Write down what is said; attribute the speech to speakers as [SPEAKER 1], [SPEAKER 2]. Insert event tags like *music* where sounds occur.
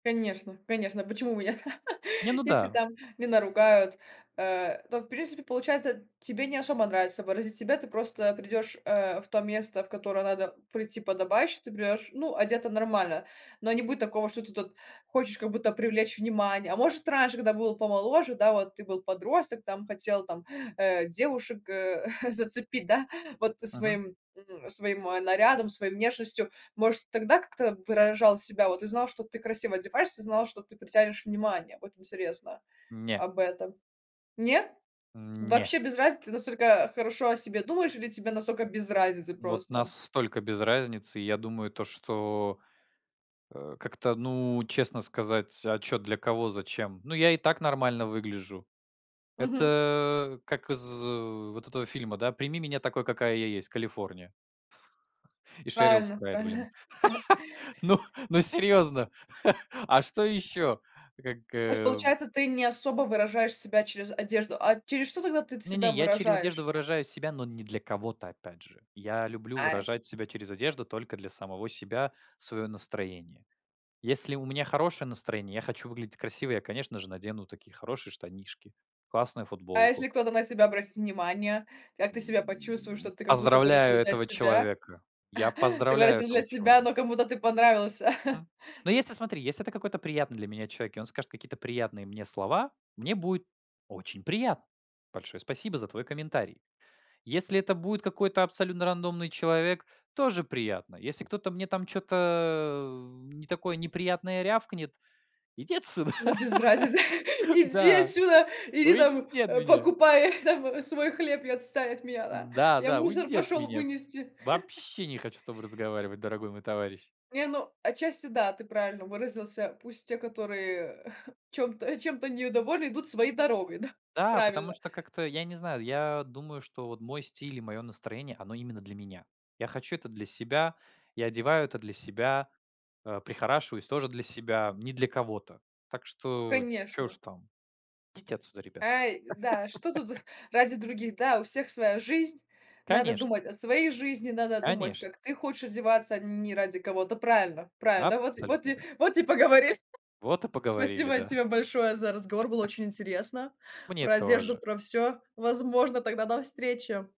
[SPEAKER 1] Конечно конечно почему у меня та
[SPEAKER 2] Не, ну
[SPEAKER 1] если
[SPEAKER 2] да.
[SPEAKER 1] там не наругают, а, то, в принципе, получается тебе не особо нравится выразить себя. Ты просто придешь, э, в то место, в которое надо прийти подобающе, ты придешь, ну, одето нормально, но не будет такого, что ты тут хочешь как будто привлечь внимание, а может раньше, когда был помоложе, да, вот ты был подросток, там хотел там, э, девушек, э, *chuckles* зацепить, да, вот
[SPEAKER 2] Мгм.
[SPEAKER 1] своим, м своим нарядом, своей внешностью, может тогда как-то выражал себя? Вот ты знал, что ты красиво одеваешься, знал, что ты притянешь внимание? Вот интересно
[SPEAKER 2] Не.
[SPEAKER 1] об этом. Нет?
[SPEAKER 2] Н не.
[SPEAKER 1] Вообще без разницы? Ты настолько хорошо о себе думаешь или тебе настолько без разницы,
[SPEAKER 2] Вот
[SPEAKER 1] просто?
[SPEAKER 2] настолько без разницы. Я думаю, то, что, э, как-то ну, честно сказать: "А чё, для кого, зачем? Ну, я и так нормально выгляжу".
[SPEAKER 1] Мгм.
[SPEAKER 2] Это как из, э, вот этого фильма, да: "Прими меня, такой какая я есть. Калифорния". *laughs* И Шерил
[SPEAKER 1] Правильно
[SPEAKER 2] Стрэйд, блин.
[SPEAKER 1] правильно. *chuckles*
[SPEAKER 2] *laughs* Ну ну, серьезно? *chuckles* А что еще? Как,
[SPEAKER 1] То есть,
[SPEAKER 2] э
[SPEAKER 1] получается, ты не особо выражаешь себя через одежду. А через что, тогда ты т
[SPEAKER 2] Не-не,
[SPEAKER 1] себя
[SPEAKER 2] я через одежду
[SPEAKER 1] выражаешь?
[SPEAKER 2] выражаю себя, но не для кого-то, опять же. Я люблю
[SPEAKER 1] А, э
[SPEAKER 2] выражать себя через одежду только для самого себя, свое настроение. Если у меня хорошее настроение, я хочу выглядеть красиво, я, конечно же, надену такие хорошие штанишки, классную
[SPEAKER 1] А
[SPEAKER 2] футболку.
[SPEAKER 1] если кто-то на тебя обратит внимание? Как ты себя почувствуешь,
[SPEAKER 2] М,
[SPEAKER 1] что ты как будто выразил,
[SPEAKER 2] поздравляю
[SPEAKER 1] да, из
[SPEAKER 2] этого
[SPEAKER 1] себя?
[SPEAKER 2] человека. Я
[SPEAKER 1] *chuckles* Ты
[SPEAKER 2] поздравляю
[SPEAKER 1] выразил для
[SPEAKER 2] этого
[SPEAKER 1] себя,
[SPEAKER 2] человека.
[SPEAKER 1] но кому-то ты понравился? *chuckles*
[SPEAKER 2] М, но если, смотри, если это какой-то приятный для меня человек, и он скажет какие-то приятные мне слова, мне будет очень приятно: большое спасибо за твой комментарий. Если это будет какой-то абсолютно рандомный человек тоже приятно. Если кто-то мне там чё-то, э, в не такое неприятное рявкнет иди отсюда.
[SPEAKER 1] Ну без разницы: *laughs*
[SPEAKER 2] *laughs*
[SPEAKER 1] "Иди
[SPEAKER 2] Да,
[SPEAKER 1] отсюда. Иди, там,
[SPEAKER 2] уйди от
[SPEAKER 1] э,
[SPEAKER 2] меня!
[SPEAKER 1] покупай, там, свой хлеб и отстань от меня да,
[SPEAKER 2] Да,
[SPEAKER 1] я
[SPEAKER 2] да,
[SPEAKER 1] мусор
[SPEAKER 2] уйди от
[SPEAKER 1] пошел
[SPEAKER 2] меня!
[SPEAKER 1] вынести". *laughs*
[SPEAKER 2] Вообще не хочу с тобой разговаривать, дорогой мой товарищ!
[SPEAKER 1] Не, ну, отчасти, да, ты правильно выразился, пусть те, которые, *chuckles* чём-то чем-то недовольны, идут своей дорогой, да?
[SPEAKER 2] Да, потому
[SPEAKER 1] Правильно.
[SPEAKER 2] что, как-то я не знаю, я думаю, что вот мой стиль и мое настроение, оно именно для меня. Я хочу это для себя. Я одеваю это для себя. Э, прихорашиваюсь тоже для себя. Не для кого-то. Так что чё уж
[SPEAKER 1] Конечно.
[SPEAKER 2] там? Идите отсюда, ребята.
[SPEAKER 1] Ай, да, что тут
[SPEAKER 2] *laughs*
[SPEAKER 1] *chuckles* ради других? Да, у всех своя жизнь, надо
[SPEAKER 2] Конечно.
[SPEAKER 1] думать о своей жизни, надо думать,
[SPEAKER 2] Конечно.
[SPEAKER 1] как ты хочешь одеваться, а н не ради кого-то. Правильно правильно, вот вот
[SPEAKER 2] Абсолютно
[SPEAKER 1] и
[SPEAKER 2] верно.
[SPEAKER 1] вот и поговори
[SPEAKER 2] Вот и поговорили,
[SPEAKER 1] Спасибо
[SPEAKER 2] да.
[SPEAKER 1] тебе большое за разговор, было
[SPEAKER 2] *laughs*
[SPEAKER 1] очень интересно,
[SPEAKER 2] Мне
[SPEAKER 1] про одежду,
[SPEAKER 2] тоже.
[SPEAKER 1] про всё Возможно. Тогда до встречи.